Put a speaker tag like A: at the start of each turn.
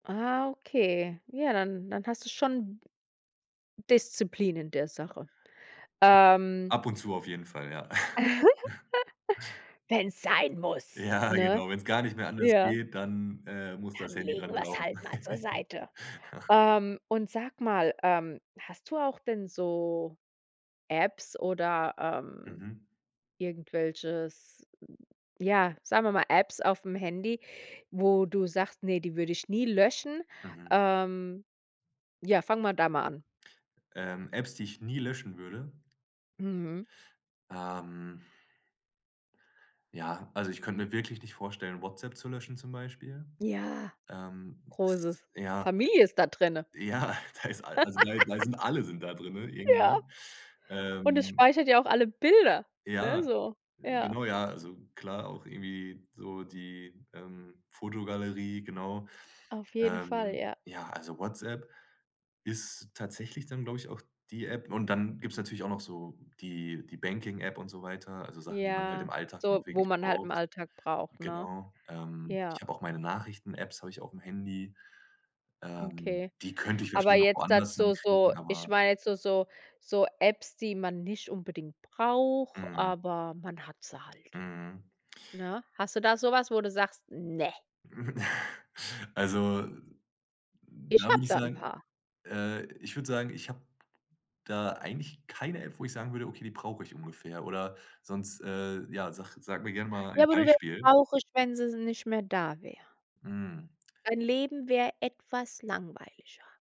A: Ah, okay, ja, dann dann hast du schon Disziplin in der Sache, ähm
B: Ab und zu auf jeden Fall, ja.
A: Wenn es sein muss,
B: Ja,
A: ne?
B: genau, wenn's gar nicht mehr anders
A: Ja.
B: geht, dann, äh, muss das
A: Dann
B: Handy
A: legen
B: dran
A: wir es
B: glauben.
A: halt mal zur Seite. Ähm, und sag mal, ähm, hast du auch denn so Apps oder, ähm
B: Mhm.
A: irgendwelches, ja, sagen wir mal, Apps aufm Handy, wo du sagst: „Ne, die würde ich nie löschen.“
B: Mhm.
A: Ähm, ja, fangen wir da mal an.
B: Ähm, Apps die ich nie löschen würde?
A: Mhm.
B: Ähm Ja, also ich könnte mir wirklich nicht vorstellen, WhatsApp zu löschen zum Beispiel,
A: Ja,
B: ähm, s
A: großes
B: ja.
A: Familie ist da drinnen.
B: Ja, das ist all also, da da sind alle sind da drin
A: Ja,
B: irgendwie,
A: und es
B: ähm.
A: speichert ja auch alle Bilder, ne,
B: Ja,
A: so, ja.
B: genau, ja, also klar auch irgendwie so die, ähm, Fotogalerie, genau,
A: Auf jeden Fall,
B: ähm,
A: ja.
B: ja, also WhatsApp ist tatsächlich dann, glaube ich, auch die App. Und dann gibt's natürlich auch noch so die die Banking-App und so weiter, also Sachen, die man halt
A: Ja,
B: im Alltag
A: so,
B: noch
A: wo
B: wirklich
A: man halt im
B: braucht.
A: Alltag braucht, ne?
B: Genau, ähm,
A: Ja.
B: ich habe auch meine Nachrichten-Apps habe ich aufm Handy, ähm,
A: Okay,
B: die könnte ich
A: aber
B: wahrscheinlich noch
A: jetzt
B: woanders
A: dazu so
B: herkriegen,
A: ich
B: aber
A: meine jetzt so so so Apps, die man nicht unbedingt braucht,
B: Mhm.
A: aber man hat sie halt,
B: Mhm.
A: ne? Hast du da sowas, wo du sagst: „Ne.“
B: Also,
A: Ich
B: da würde
A: habe
B: ich
A: da 'n
B: sagen
A: paar.
B: äh, ich würde sagen, ich habe da eigentlich keine App, wo ich sagen würde: „Okay, die brauche ich ungefähr“ oder sonst äh, ja, sag sag mir gerne mal
A: Ja,
B: ein
A: aber du wärst
B: Beispiel.
A: traurig, wenn sie nicht mehr da wäre.
B: Hm.
A: Dein Leben wäre etwas langweiliger.